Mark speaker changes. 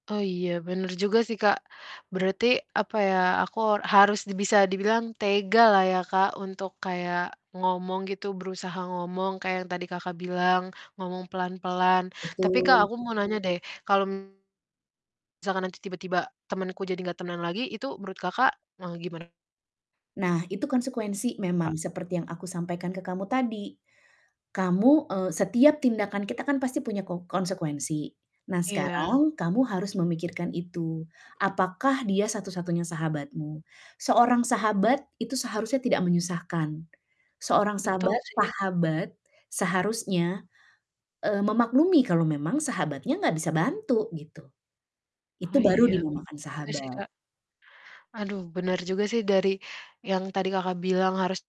Speaker 1: Oh iya bener juga sih, Kak. Berarti apa ya, aku a harus di bisa dibilang tegalah ya Kak, untuk kayak ngomong gitu. Berusaha ngomong kayak yang tadi Kakak bilang ngomong pelan-pelan. Tapi Kak,
Speaker 2: Betul.
Speaker 1: aku mau nanya deh, kalo misalkan nanti tiba-tiba temenku jadi nggak tenang lagi itu menurut Kakak mau gimana
Speaker 2: Nah, itu konsekuensi
Speaker 1: kak?
Speaker 2: memang seperti yang aku sampaikan ke kamu tadi. Kamu, eee, setiap tindakan kita kan pasti punya ko konsekuensi. Nah,
Speaker 1: Iya.
Speaker 2: sekarang kamu harus memikirkan itu. Apakah dia satu-satunya sahabatmu? Seorang sahabat itu seharusnya tidak menyusahkan. Seorang
Speaker 1: Betul
Speaker 2: sabat
Speaker 1: sih.
Speaker 2: sahabat seharusnya, eee, memaklumi kalau memang sahabatnya nggak bisa bantu, gitu.
Speaker 1: Oh
Speaker 2: Itu baru
Speaker 1: iya, benar
Speaker 2: dinamakan
Speaker 1: juga sih,
Speaker 2: sahabat.
Speaker 1: Kak. Aduh, benar juga sih dari yang tadi Kakak bilang harus